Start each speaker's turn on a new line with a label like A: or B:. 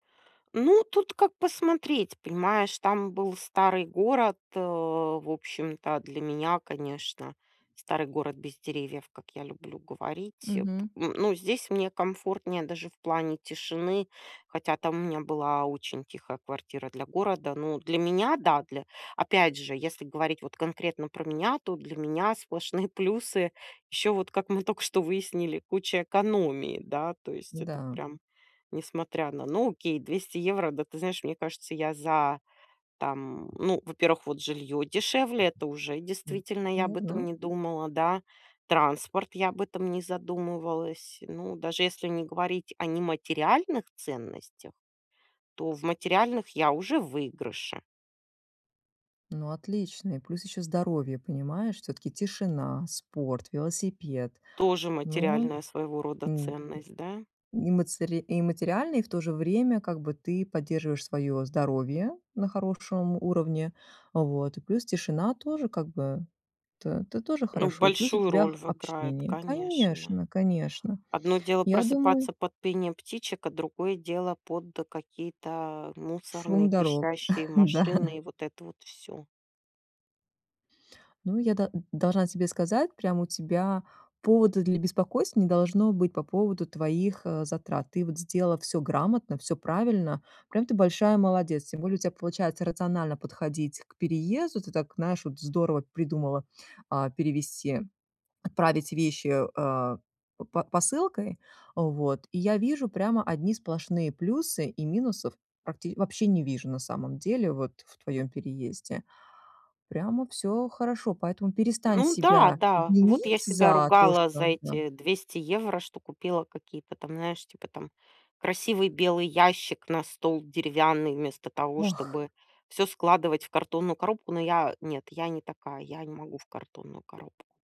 A: Ну, тут как посмотреть, понимаешь. Там был старый город. Э, в общем-то для меня, конечно, старый город без деревьев, как я люблю говорить, э, п
B: Мгм.
A: ну ну, здесь мне комфортнее даже в плане тишины. Хотя там у меня была очень тихая квартира, для города. Ну, для меня, да. Для опять же, если говорить вот конкретно про меня, то для меня сплошные плюсы. Ещё вот, как мы только что выяснили, куча экономии, да. То есть, это
B: Да.
A: прям несмотря на ну, окей, 200 евро. Да ты знаешь, мне кажется, я за, там ну, во-первых, вот, жилье дешевле, это уже,
B: М.
A: действительно, я об этом
B: Верно.
A: не думала, да. Транспорт, я об этом не задумывалась. Ну, даже, если не говорить о нематериальных ценностях, то в материальных я уже в выигрыше.
B: Ну, отличный. Плюс ещё здоровье, понимаешь. Всё-таки тишина, спорт, велосипед.
A: Тоже
B: Но,
A: материальная, своего рода,
B: м, э.
A: ценность, да?
B: Ни мацыри и материальный, и в то же время, как бы ты поддерживаешь своё здоровье на хорошем уровне. Вот. И плюс тишина тоже как бы. Тэ тэ тоже
A: Ну,
B: хорошо. И плюс у
A: большую
B: тебя
A: роль
B: х
A: в играет,
B: общение.
A: конечно.
B: Конечно, конечно,
A: Одно дело,
B: я думаю
A: просыпаться под пение птичек, а другое дело, под какие-то, а,
B: Шум
A: мусорные,
B: дорог.
A: пищащие
B: Да.
A: машины, и вот это вот всё.
B: Ну, я да должна тебе сказать, прям у тебя повода для беспокойства не должно быть, по поводу твоих, а, затрат. Ты вот сделала всё грамотно, всё правильно. Прям ты большая молодец. Тем более у тя получается рационально подходить к переезду. Ты так, знаешь, вот здорово придумала, а, перевести, отправить вещи, а, п п посылкой. Вот. И я вижу прямо одни сплошные плюсы. И минусов практи вообще не вижу, на самом деле, вот, в твоём переезде. Прямо всё хорошо. Поэтому перестань
A: Ну да,
B: себя
A: да. Вот
B: винить
A: я себя
B: за то,
A: ругала за
B: что да.
A: эти 200 евро, что купила какие-то там, знаешь, типа там красивый белый ящик на стол, деревянный, вместо того,
B: Ох.
A: чтобы всё складывать в картонную коробку. Но я нет, я не такая, я не могу в картонную коробку.